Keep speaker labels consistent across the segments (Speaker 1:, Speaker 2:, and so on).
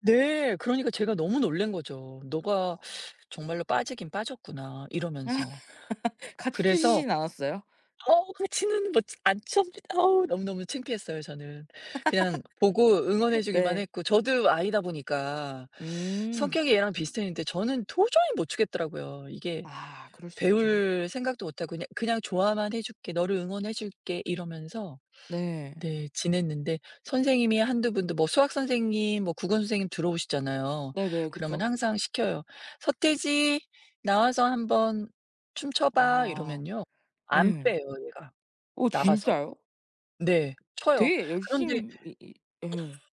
Speaker 1: 네. 그러니까 제가 너무 놀란 거죠. '너가 정말로 빠지긴 빠졌구나.'
Speaker 2: 아.
Speaker 1: 이러면서.
Speaker 2: 같이
Speaker 1: 그래서
Speaker 2: 추시진 않았어요?
Speaker 1: 어우 그 지는 뭐 안 췄니 어 너무너무 창피했어요 저는. 그냥 보고 응원해 주기만
Speaker 2: 네.
Speaker 1: 했고 저도 아이다 보니까.
Speaker 2: 음.
Speaker 1: 성격이 얘랑 비슷했는데 저는 도저히 못 추겠더라고요. 이게
Speaker 2: 아. 그럴 수 있죠.
Speaker 1: 배울 생각도 못 하고 "그냥 그냥 좋아만 해 줄게. 너를 응원해 줄게." 이러면서
Speaker 2: 네.
Speaker 1: 네 지냈는데 선생님이 1-2 분도 뭐 수학 선생님 뭐 국어 선생님 들어오시잖아요.
Speaker 2: 네네.
Speaker 1: 그러면
Speaker 2: 그쵸.
Speaker 1: 항상 시켜요. "서태지, 나와서 1 번 춤 춰 봐."
Speaker 2: 아.
Speaker 1: 이러면요 안
Speaker 2: 예.
Speaker 1: 빼요 얘가.
Speaker 2: 어
Speaker 1: 나가서
Speaker 2: 진짜요?
Speaker 1: 네 춰요.
Speaker 2: 되게
Speaker 1: 그런데
Speaker 2: 열심히 이 예.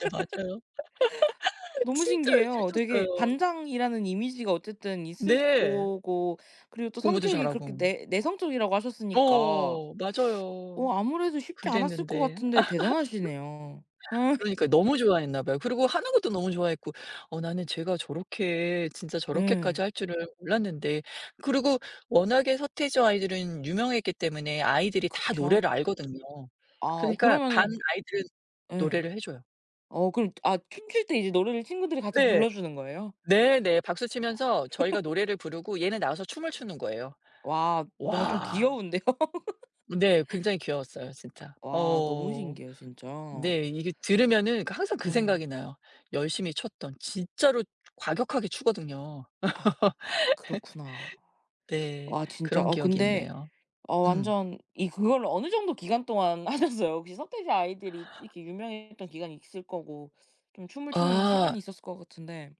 Speaker 1: 네 맞아요.
Speaker 2: 너무
Speaker 1: 진짜 열심히
Speaker 2: 신기해요. 되게
Speaker 1: 췄어요.
Speaker 2: 반장이라는 이미지가 어쨌든 있을
Speaker 1: 네.
Speaker 2: 거고 그리고 또
Speaker 1: 공부도
Speaker 2: 성격이 그렇게
Speaker 1: 잘하고.
Speaker 2: 내 내성적이라고
Speaker 1: 어
Speaker 2: 하셨으니까
Speaker 1: 어 어. 맞아요.
Speaker 2: 어 아무래도 쉽지 않았을 것
Speaker 1: 그랬는데
Speaker 2: 같은데 대단하시네요. 예.
Speaker 1: 그러니까요. 너무 좋아했나 봐요. 그리고 하는 것도 너무 좋아했고 어 나는 쟤가 저렇게 진짜 저렇게까지
Speaker 2: 예.
Speaker 1: 할 줄은 몰랐는데 그리고 워낙에 서태지와 아이들은 유명했기 때문에 아이들이 다
Speaker 2: 그쵸.
Speaker 1: 노래를 알거든요.
Speaker 2: 아
Speaker 1: 그러니까 반
Speaker 2: 그러면은
Speaker 1: 아이들은
Speaker 2: 예.
Speaker 1: 노래를 해 줘요.
Speaker 2: 어 그럼 아 춤출 때 이제 노래를 친구들이 같이
Speaker 1: 네.
Speaker 2: 불러 주는 거예요?
Speaker 1: 네네. 박수치면서 저희가 노래를 부르고 얘는 나와서 춤을 추는 거예요.
Speaker 2: 와. 뭔가 좀
Speaker 1: 와.
Speaker 2: 귀여운데요.
Speaker 1: 네. 굉장히 귀여웠어요 진짜. 어 어
Speaker 2: 와. 너무
Speaker 1: 어 어.
Speaker 2: 신기해요 진짜.
Speaker 1: 네. 이게 들으면은 그러니까 항상 그
Speaker 2: 예.
Speaker 1: 생각이 나요. 열심히 췄던 진짜로 과격하게 추거든요.
Speaker 2: 아 그렇구나.
Speaker 1: 네.
Speaker 2: 와 진짜
Speaker 1: 그런
Speaker 2: 어
Speaker 1: 기억이
Speaker 2: 근데
Speaker 1: 있네요.
Speaker 2: 어
Speaker 1: 음.
Speaker 2: 완전 이 그거를 어느 정도 기간 동안 하셨어요 혹시? 서태지 아이들이 이렇게 유명했던 기간이 있을 거고 좀 춤을 추는 시간이
Speaker 1: 아.
Speaker 2: 있었을 것 같은데